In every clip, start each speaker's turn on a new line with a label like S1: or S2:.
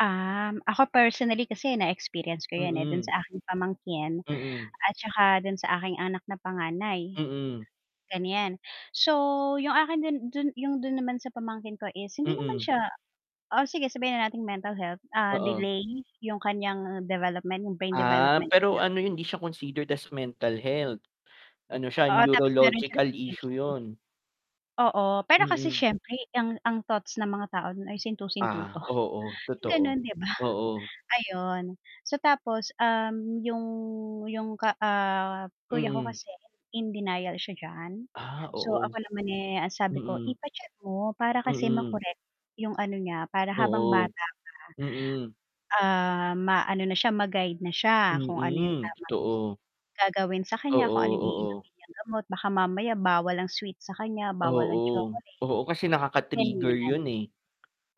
S1: Um, ako personally kasi na-experience ko yun eh, dun
S2: Mm.
S1: sa aking pamangkin,
S2: Mm.
S1: at tsaka dun sa aking anak na panganay.
S2: Mm.
S1: Ganyan, so yung akin din dun yung dun naman sa pamangkin ko is hindi naman
S2: Mm.
S1: siya o sige sabihin na nating mental health, ah,
S2: Oo.
S1: delay yung kanyang development yung brain
S2: Ah,
S1: development
S2: pero
S1: niya.
S2: ano yun hindi siya considered as mental health, ano siya
S1: Oo, tapos meron siyang
S2: neurological issue
S1: ADHD.
S2: yun.
S1: Oo, pero kasi
S2: Mm.
S1: siyempre ang ang thoughts ng mga tao ay sintu-sintu 'to,
S2: Ah, oo, totoo,
S1: ganon 'di ba
S2: oo.
S1: Ayun so tapos, um, yung yung ka, ah, kuya ko
S2: Mm.
S1: kasi in denial siya diyan
S2: Ah,
S1: so
S2: oo.
S1: ako naman, eh, ang sabi ko
S2: Mm.
S1: ipa-check mo para kasi
S2: Mm.
S1: ma-correct yung ano niya para habang bata
S2: Oo, Mm.
S1: pa. Ah, ma-ano na siya ma-guide na siya kung ano yung
S2: Mm,
S1: tamang
S2: totoo.
S1: gagawin sa kanya kung
S2: Oo,
S1: ano yung
S2: oo.
S1: iinumin niyang gamot baka mamaya bawal ang sweet sa kanya bawal ang
S2: Oo,
S1: chocolate.
S2: oo kasi nakaka-trigger
S1: Ganyan,
S2: yun eh.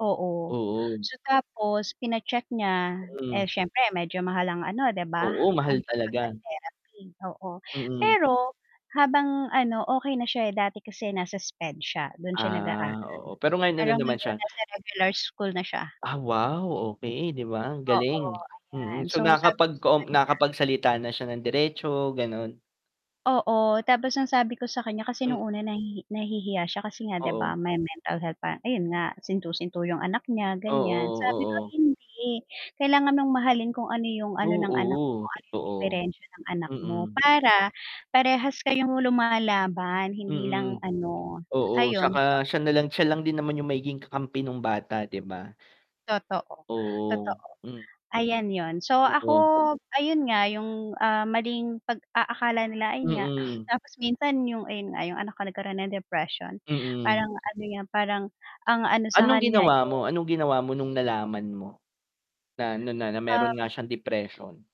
S1: oo
S2: Oo.
S1: so tapos pina-check niya eh,
S2: Mm.
S1: siyempre medyo mahal ang ano 'di ba
S2: Oo,
S1: ang
S2: mahal
S1: pag
S2: talaga.
S1: papa-therapy oo,
S2: Mm.
S1: pero habang ano okey na siya dati kasi nasa SPED siya dun siya nag-aaral
S2: Ah oo, pero ngayon ano
S1: pero
S2: naman
S1: ngayon
S2: siya?
S1: nasa regular school na siya.
S2: Ah wow, okey 'di ba
S1: Oo,
S2: galing,
S1: ayan
S2: mm,
S1: so
S2: so
S1: sabi ko
S2: nakapag
S1: sa
S2: ko
S1: kanya.
S2: nakapagsalita na siya ng diretso ganon?
S1: Oo, tapos ang sabi ko sa kanya kasi nung una nahi nahihiya siya kasi nga 'di
S2: Oo.
S1: ba may mental health pa, ayun nga sinto-sinto yung anak niya ganyan
S2: Oo,
S1: sabi ko
S2: oo.
S1: hindi kailangan mong mahalin kung ano yung ano ng anak mo
S2: Oo,
S1: kung ano yung
S2: totoo,
S1: diperensiya ng anak mo,
S2: Mm.
S1: para parehas kayong lumalaban hindi lang
S2: Mm,
S1: ano,
S2: oo,
S1: ayon so
S2: tsaka siya nalang siya lang din naman yung magiging kakampi nung bata 'di ba?
S1: Totoo,
S2: Oo,
S1: totoo ayan yun so ako
S2: oo.
S1: ayun nga yung, ah, maling pag-aakala nila ayun nga.
S2: Mm.
S1: Tapos minsan yung ayun nga yung anak ko nagkaroon ng depression,
S2: Mm.
S1: parang ano nga parang ang ano sa
S2: Anong
S1: kanya
S2: ginawa
S1: eh
S2: mo anong ginawa mo nung nalaman mo? Na ano na na meron
S1: Um
S2: nga siyang depression?